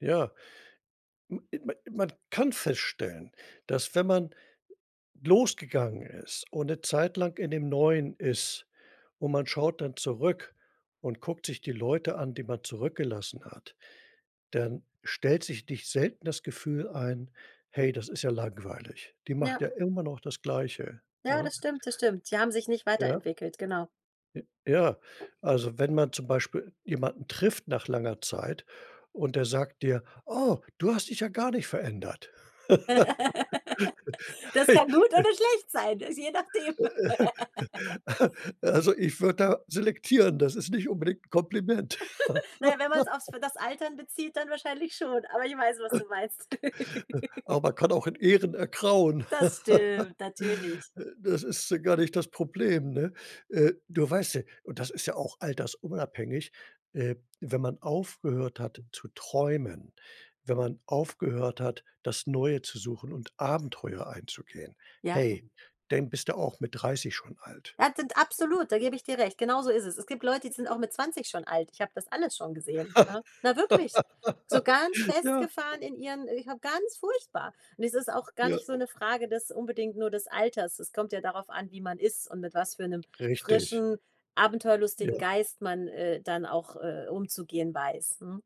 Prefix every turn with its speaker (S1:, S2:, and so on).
S1: Ja, man kann feststellen, dass wenn man losgegangen ist und 'ne Zeit lang in dem Neuen ist und man schaut dann zurück und guckt sich die Leute an, die man zurückgelassen hat, dann stellt sich nicht selten das Gefühl ein: „Hey, das ist ja langweilig. Die macht
S2: Ja.
S1: ja immer noch das Gleiche,
S2: Ja,
S1: ne?"
S2: das stimmt, das stimmt. Die haben sich nicht
S1: Ja.
S2: weiterentwickelt, genau.
S1: J ja. Also, wenn man zum Beispiel jemanden trifft nach langer Zeit und der sagt dir: „Oh, du hast dich ja gar nicht verändert.“
S2: Das kann gut oder schlecht sein, je nachdem.
S1: Also, ich würde da selektieren, das ist nicht unbedingt 'n Kompliment.
S2: Na ja, wenn man's auf's das Altern bezieht, dann wahrscheinlich schon, aber ich weiß, was du meinst.
S1: Aber man kann auch in Ehren ergrauen.
S2: Das stimmt, natürlich.
S1: Äh, das ist gar nicht das Problem, ne? Äh, du weißt ja, und das ist ja auch altersunabhängig, äh, wenn man aufgehört hat zu träumen, wenn man aufgehört hat, das Neue zu suchen und Abenteuer einzugehen,
S2: Ja.
S1: hey, dann bist du auch mit 30 schon alt.
S2: Ja, denn absolut, da gebe ich dir recht. Genauso ist es. Es gibt Leute, die sind auch mit 20 schon alt. Ich habe das alles schon gesehen, ne? Na, wirklich, so ganz
S1: Ja.
S2: festgefahren in ihren äh, ja ganz furchtbar. Und es ist auch gar
S1: Ja.
S2: nicht so 'ne Frage des unbedingt nur des Alters. Es kommt ja darauf an, wie man ist und mit was für 'nem
S1: Richtig.
S2: frischen, abenteuerlustigen
S1: Ja.
S2: Geist man, äh, dann auch, äh, umzugehen weiß. Mhm.